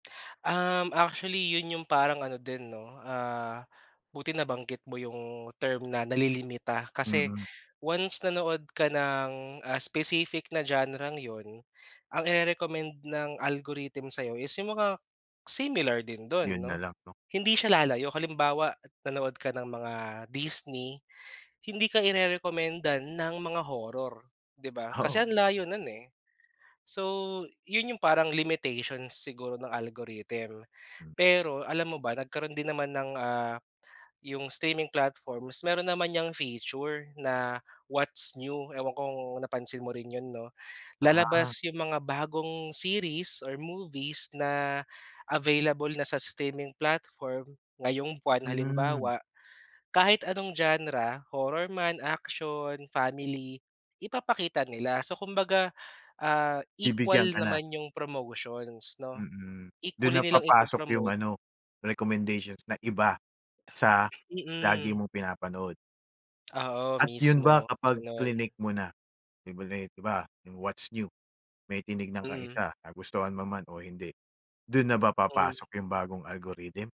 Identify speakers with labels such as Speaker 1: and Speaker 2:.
Speaker 1: Um, actually yun yung parang ano din 'no, ah, buti nabanggit mo yung term na nalilimita. Kasi
Speaker 2: Mm.
Speaker 1: once nanood ka ng, ah, specific na genre'ng yun, ang ire-recommend ng algorithm sa'yo is yung mga similar din dun,
Speaker 2: Yun
Speaker 1: 'no.
Speaker 2: nalang, 'no?
Speaker 1: Hindi siya lalayo. Halimbawa, nanood ka ng mga Disney, hindi ka irerekomendan ng mga horror, 'di ba? Kasi
Speaker 2: Oo.
Speaker 1: ang layo nun, eh. So, yun yung parang limitations siguro ng algorithm. Pero alam mo ba, nagkaroon din naman ng, ah, yung streaming platforms, meron naman niyang feature na, what's new, ewan ko kung napansin mo rin yun, 'no?
Speaker 2: Aha.
Speaker 1: Lalabas yung mga bagong series or movies na available na sa streaming platform, ngayong buwan
Speaker 2: Hmm.
Speaker 1: halimbawa, kahit anong genre, horror man, action, family, ipapakita nila. So kumbaga, ah,
Speaker 2: Bibigyan
Speaker 1: equal
Speaker 2: ka na.
Speaker 1: naman yung promotions, 'no.
Speaker 2: Mm. Dun
Speaker 1: Equally
Speaker 2: na
Speaker 1: nilang
Speaker 2: papasok yung
Speaker 1: ipo-promote.
Speaker 2: ano, recommendations na iba sa lagi
Speaker 1: Mm.
Speaker 2: mong pinapanood.
Speaker 1: Oo,
Speaker 2: At yun ba
Speaker 1: mismo,
Speaker 2: kapag
Speaker 1: ganun.
Speaker 2: klinick mo na, [unintelligible] di ba, yung what's new, may tinignan kang
Speaker 1: Mm.
Speaker 2: isa, nagustuhan mo man o hindi, dun na ba
Speaker 1: Hmm.
Speaker 2: papasok yung bagong algorithm?